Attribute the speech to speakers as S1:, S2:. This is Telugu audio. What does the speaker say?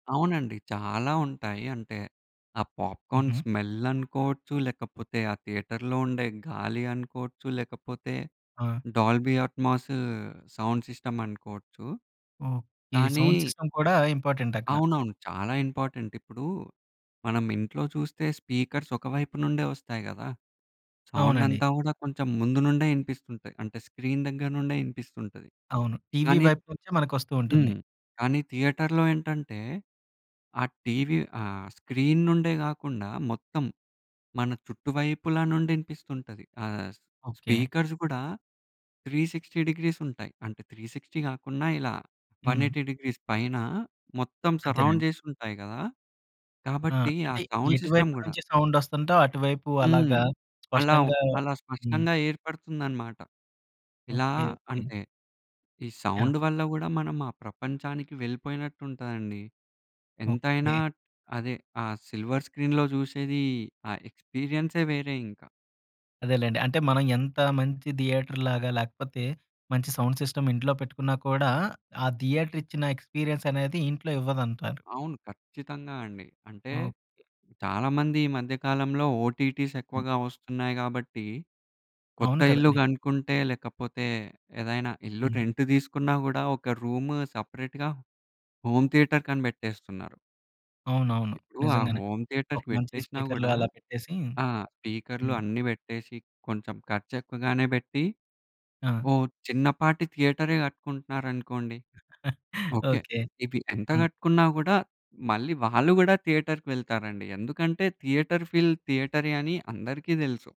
S1: అవునండి. చాలా ఉంటాయి అంటే, ఆ పాప్కార్న్
S2: హుహు.
S1: స్మెల్ అనుకోవచ్చు, లేకపోతే ఆ థియేటర్‌లో ఉండే గాలి అనుకోవచ్చు, లేకపోతే
S2: ఆ!
S1: డాల్బీ అట్మాసు ఆ సౌండ్ సిస్టమ్ అనుకోవచ్చు,
S2: ఓకె. ఈ
S1: కానీ
S2: సౌండ్ సిస్టమ్ కూడా ఇంపార్టెంట్ అక్కడ.
S1: అవునవును. చాలా ఇంపార్టెంట్. ఇప్పుడు మనం ఇంట్లో చూస్తే స్పీకర్స్ ఒకవైపు నుండే వస్తాయి గదా. సౌండ్
S2: అవునండి.
S1: అంతా కూడా కొంచెం ముందు నుండే వినిపిస్తుంటాయి. అంటే, స్క్రీన్ దగ్గర నుండే వినిపిస్తుంటది.
S2: అవును. టీవీ
S1: కానీ
S2: వైపు నుంచే మనకొస్తూ ఉంటుంది.
S1: హ్మ్. కానీ థియేటర్‌లో ఏంటంటే, ఆ టీవీ ఆ స్క్రీన్ నుండే కాకుండా, మొత్తం మన చుట్టువైపుల నుండి వినిపిస్తుంటది. ఆహ్,
S2: ఓకె.
S1: స్పీకర్స్ కూడా 360 డిగ్రీస్ ఉంటాయి. అంటే 360 కాకుండా, ఇలా వన్‌
S2: హ్మ్.
S1: ఎయిటీ డిగ్రీస్ పైన మొత్తం సరౌండ్
S2: అంతేనండి.
S1: చేసి ఉంటాయి కదా!
S2: ఆ!
S1: కాబట్టి ఆ
S2: అంటే
S1: సౌండ్ సిస్టమ్
S2: ఎటువైపు
S1: గుడా
S2: నుంచి సౌండ్ వస్తుంటే, అటువైపు
S1: హ్మ్.
S2: అలాగా
S1: అలా
S2: స్పష్టంగా
S1: అలా
S2: హ్మ్.
S1: స్పష్టంగా ఏర్పడుతుందనమాట. ఇలా
S2: ఓకె, ఓకె.
S1: అంటే, ఈ
S2: యాహ్!
S1: సౌండ్ వల్ల గూడా మనం ఆ ప్రపంచానికి వెళ్ళిపోయినట్టు ఉంటదండి. ఎంతైనా
S2: ఓకె.
S1: అదే ఆ సిల్వర్ స్క్రీన్‌లో చూసేది ఆ ఎక్స్‌పీ‌రియన్సే వేరే ఇంక.
S2: అదేలెండి. అంటే మనం ఎంత మంచి థియేటర్‌ లాగా, లేకపోతే మంచి సౌండ్ సిస్టమ్ ఇంట్లో పెట్టుకున్నా కూడా, ఆ థియేటర్ ఇచ్చిన ఎక్స్‌పీ‌రియన్స్ అనేది ఇంట్లో ఇవ్వదంటారు.
S1: అవును. ఖచ్చితంగా అండి. అంటే
S2: ఓకె.
S1: చాలామంది ఈ మధ్య కాలంలో, ఓటీటీస్
S2: హ్మ్.
S1: ఎక్కువగా వస్తున్నాయి గాబట్టి కొత్త
S2: అవును
S1: ఇల్లు
S2: కదండీ.
S1: కనుక్కుంటే, లేకపోతే ఏదైనా ఇల్లు
S2: హ్మ్.
S1: రెంట్ తీసుకున్నా గూడా, ఒక రూమ్ సెపరేట్‌గా హోమ్ థియేటర్‌కని పెట్టేస్తున్నారు.
S2: అవునవును.
S1: ఇప్పుడు ఆ
S2: నిజంగానే
S1: హోమ్
S2: ఒక
S1: థియేటర్‌కి
S2: మంచి
S1: పెట్టేసినా
S2: స్పీకర్‌లో
S1: గూడా
S2: అలా పెట్టేసి,
S1: ఆ! స్పీకర్‌లు
S2: హ్మ్.
S1: అన్నీ పెట్టేసి, కొంచెం ఖర్చు ఎక్కువగానే పెట్టి,
S2: ఆ!
S1: ఓ చిన్నపాటి థియేటరే కట్టుకుంటున్నారనుకోండి. ఓకె.
S2: ఓకె.
S1: ఇవి ఎంత
S2: హ్మ్.
S1: కట్టుకున్నా గూడా మళ్ళీ వాళ్ళు కూడా థియేటర్‌కి వెళ్తారండి. ఎందుకంటే, థియేటర్ ఫీల్ థియేటరే అని అందరికి తెలుసు.